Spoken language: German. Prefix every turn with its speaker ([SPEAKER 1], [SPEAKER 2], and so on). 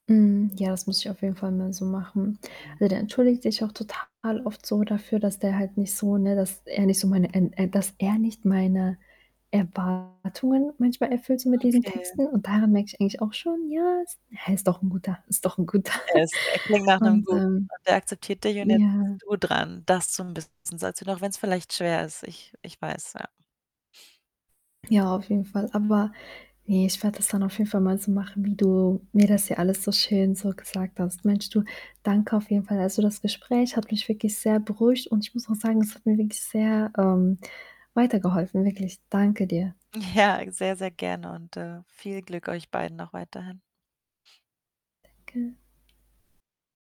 [SPEAKER 1] Mhm. Ja, das muss ich auf jeden Fall mal so machen.
[SPEAKER 2] Mhm.
[SPEAKER 1] Also, der entschuldigt sich auch total oft so dafür, dass der halt nicht so ne, dass er nicht so meine n äh, dass er nicht meine Erwartungen manchmal erfüllt so mit diesen
[SPEAKER 2] Okay. [unintelligible]
[SPEAKER 1] Texten. Und daran merke ich eigentlich auch schon, ja, er ist doch 'n Guter, ist doch 'n Guter.
[SPEAKER 2] Er ist er klingt nach 'nem
[SPEAKER 1] Und,
[SPEAKER 2] Guten,
[SPEAKER 1] ähm
[SPEAKER 2] und der akzeptiert dich und jetzt bist
[SPEAKER 1] ja.
[SPEAKER 2] du dran, das so 'n bisschen [unintelligible] auch wenn's vielleicht schwer ist. Ich ich weiß, ja.
[SPEAKER 1] Ja, auf jeden Fall. Aber ne, ich werde das dann auf jeden Fall mal so machen, wie du mir das hier alles so schön so gesagt hast. Mensch du, danke auf jeden Fall. Also, das Gespräch hat mich wirklich sehr beruhigt und ich muss auch sagen, es hat mir wirklich sehr, ähm, weitergeholfen, wirklich, danke dir.
[SPEAKER 2] Ja, sehr, sehr gerne und, äh, viel Glück euch beiden noch weiterhin.
[SPEAKER 1] Danke.